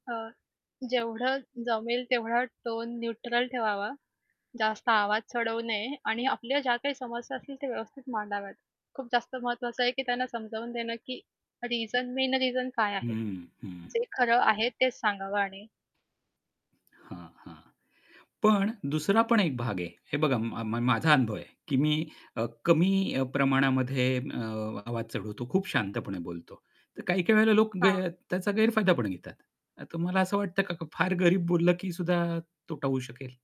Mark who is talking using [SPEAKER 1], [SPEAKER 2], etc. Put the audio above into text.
[SPEAKER 1] अ, जेवढं जमेल तेवढा टोन न्यूट्रल ठेवावा, जास्त आवाज चढवू नये. आणि आपल्या ज्या काही समस्या असतील त्या व्यवस्थित मांडाव्यात. खूप जास्त महत्त्वाचं आहे की त्यांना समजावून देणं की रिझन मेन रिझन काय
[SPEAKER 2] हं,
[SPEAKER 1] आहे.
[SPEAKER 2] हं. हं.
[SPEAKER 1] जे खरं आहे तेच सांगावं आणि
[SPEAKER 2] हां, हां. पण दुसरा पण एक भाग आहे, हे बघा म म माझा अनुभव आहे, की मी अ, कमी अ, प्रमाणामध्ये अ, आवाज चढवतो, खूप शांतपणे बोलतो. तर काही-काही वेळेला लोक ग
[SPEAKER 1] हां.
[SPEAKER 2] त्याचा गैरफायदा पण घेतात. तर तुम्हाला असं वाटतं का, का फार गरीब बोललं की सुद्धा तोटा होऊ शकेल?